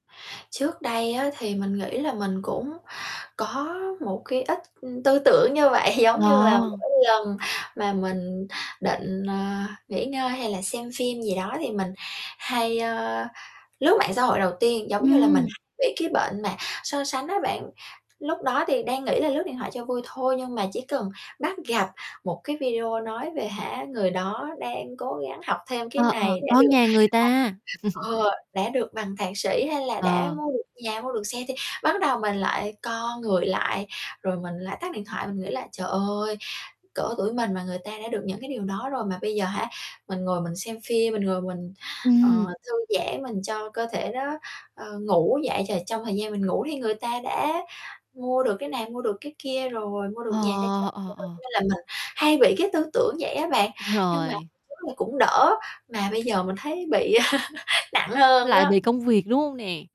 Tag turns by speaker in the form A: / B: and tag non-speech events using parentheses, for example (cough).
A: Trước đây á, thì mình nghĩ là mình cũng có một cái ít, ưm, tư tưởng như vậy, giống như là,
B: Lo.
A: mỗi lần mà mình định, ờ, nghỉ ngơi hay là xem phim gì đó, thì mình hay, ơ, lướt mạng xã hội đầu tiên, giống như là mình
B: Ừm.
A: bị cái bệnh mà so sánh á bạn. Lúc đó thì đang nghĩ là lướt điện thoại cho vui thôi, nhưng mà chỉ cần bắt gặp một cái video nói về, hả, người đó đang cố gắng học thêm cái
B: Ờ, ờ,
A: này, đã
B: con
A: được
B: nhà người ta.
A: (unintelligible)
B: (chuckles)
A: ờ, đã được bằng thạc sĩ, hay là đã
B: Ờ.
A: mua được nhà, mua được xe, thì bắt đầu mình lại co người lại. Rồi mình lại tắt điện thoại, mình nghĩ là: "Trời ơi, cỡ tuổi mình mà người ta đã được những cái điều đó rồi. Mà bây giờ, hả, mình ngồi mình xem phim, mình ngồi mình, ờ,
B: Ừm.
A: thư giãn, mình cho cơ thể nó, ờ, ngủ. Vậy ch trong thời gian mình ngủ thì người ta đã mua được cái này, mua được cái kia rồi, mua được nhà cho cha
B: Ờ, ờ,
A: mẹ rồi." Cho
B: ờ.
A: nên là mình hay bị cái tư tưởng vậy á bạn, nhưng mà
B: Rồi.
A: (unintelligible) cũng đỡ, mà bây giờ mình thấy bị (laughs) nặng hơn
B: Lại bị
A: đó.
B: công việc, đúng hông nè?